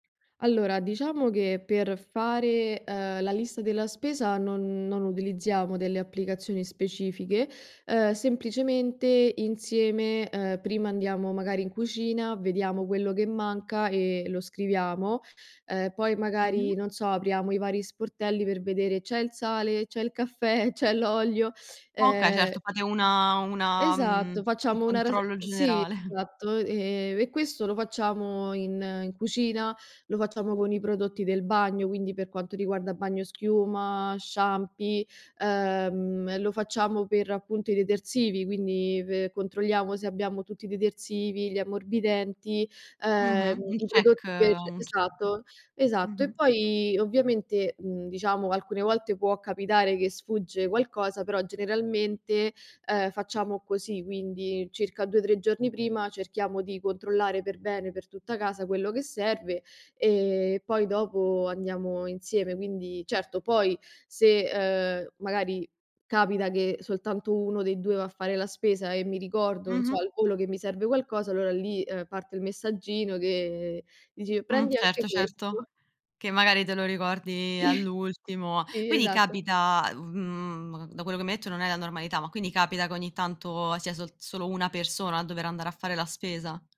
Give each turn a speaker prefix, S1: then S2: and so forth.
S1: Allora, diciamo che per fare, uhm, la lista della spesa non non utilizziamo delle applicazioni specifiche. Uhm, semplicemente insieme, uhm, prima andiamo magari in cucina, vediamo quello che manca e lo scriviamo, uhm, poi
S2: Mh-mh.
S1: magari, non so, apriamo i vari sportelli per vedere: c'è il sale, c'è il caffè, c'è l'olio,
S2: Okay,
S1: ehm
S2: certo. Fate una una, mhmm,
S1: Esatto,
S2: un
S1: facciamo una ras
S2: controllo
S1: sì,
S2: generale.
S1: esatto, e e questo lo facciamo in in cucina, lo facciamo con i prodotti del bagno, quindi per quanto riguarda bagnoschiuma, shampi, ehm, lo facciamo per appunto i detersivi, quindi pe controlliamo se abbiamo tutti i detersivi, gli ammorbidenti, uhm,
S2: Mh-mh, un
S1: i
S2: check
S1: prodotti per
S2: un check.
S1: esatto esatto. E
S2: Mh-mh.
S1: poi, ovviamente, mhmm, diciamo, alcune volte può capitare che sfugge qualcosa, però generalmente, uhm, facciamo così, quindi circa 2, 3 giorni prima cerchiamo di controllare per bene, per tutta casa, quello che serve e poi dopo andiamo insieme. Quindi, certo, poi se, uhm, magari capita che soltanto 1 dei 2 va a fare la spesa e mi ricordo, non so,
S2: Mh-mh.
S1: al volo che mi serve qualcosa, allora lì, uhm, parte il messaggino che dici:
S2: Mh,
S1: “Prendi anche
S2: certo certo.
S1: questo”.
S2: Che magari te lo ricordi
S1: Sì.
S2: all'ultimo.
S1: Sì,
S2: Quindi
S1: esatto.
S2: capita, mhmm, da quello che mi hai detto non è la normalità, ma quindi capita che ogni tanto sia sol solo una persona a dover andare a fare la spesa?